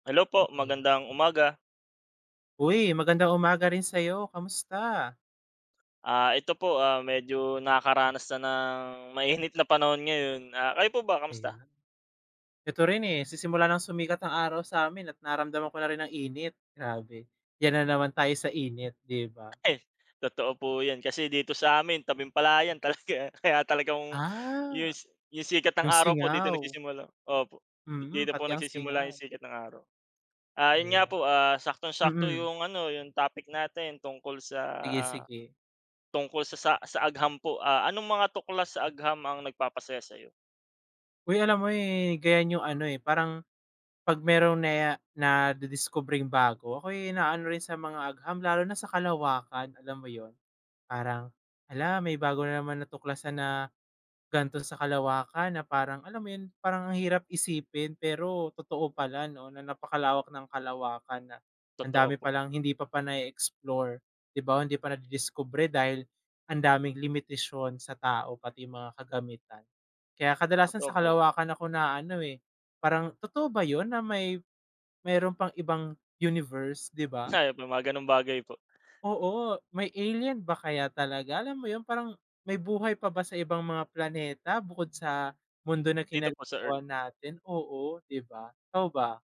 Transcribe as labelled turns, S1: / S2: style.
S1: Hello po,
S2: Aya
S1: magandang umaga.
S2: Uy, magandang umaga rin sa'yo, kamusta?
S1: Ah, ito po, ah, medyo nakakaranas na ng mainit na panahon ngayon. Ah, kayo po ba, kamusta?
S2: Ayon na. Ito rin, eh, sisimula nang sumikat ang araw sa amin at nararamdaman ko na rin ng init. Grabe, yan na naman tayo sa init, 'di ba?
S1: Eh, totoo po yan, kasi dito sa amin, tabing-palayan, talaga kaya talagang
S2: Ah,
S1: yus yung sikat ng
S2: 'yong
S1: araw po dito
S2: singaw.
S1: nagsisimula opo, di
S2: Mm,
S1: dito po
S2: pati ang
S1: nagsisimula 'yong
S2: singaw.
S1: sikat ng araw. Ah, 'yon nga
S2: Aya
S1: po, ah, saktong-sakto
S2: mm.
S1: 'yong ano, 'yong topic natin tungkol sa
S2: Sige, sige.
S1: tungkol sa sa sa agham po. Ah, anong mga tuklas sa agham ang nagpapasaya sa'yo?
S2: Hoy alam mo, eh, ganyan yung ano, eh, parang 'pag meron na ya nadidiskubreng bago, ako'y naaano rin sa mga agham, lalo na sa kalawakan, alam mo 'yon? Parang, hala, may bago na naman natuklasan na ganito sa kalawakan na parang alam mo 'yon? Parang ang hirap isipin pero totoo pala 'no, na napakalawak ng kalawakan, na ang
S1: Totoo
S2: dami
S1: po.
S2: palang hindi pa pa nae-explore 'di ba? Hindi pa nadidiskubre dahil ang daming limitasyon sa tao, pati yung mga kagamitan. Kaya kadalasan sa
S1: Totoo po yan.
S2: kalawakan ako naaano, eh, parang totoo ba 'yon na, may meron pang ibang universe, 'di ba?
S1: [unintelligible] mga gano'ng bagay po.
S2: Oo, may alien ba kaya talaga? Alam mo 'yon, parang may buhay pa ba sa ibang mga planeta bukod sa mundo na
S1: Dito po sa Earth.
S2: ginagalawan natin? Oo, 'di ba? Ikaw ba?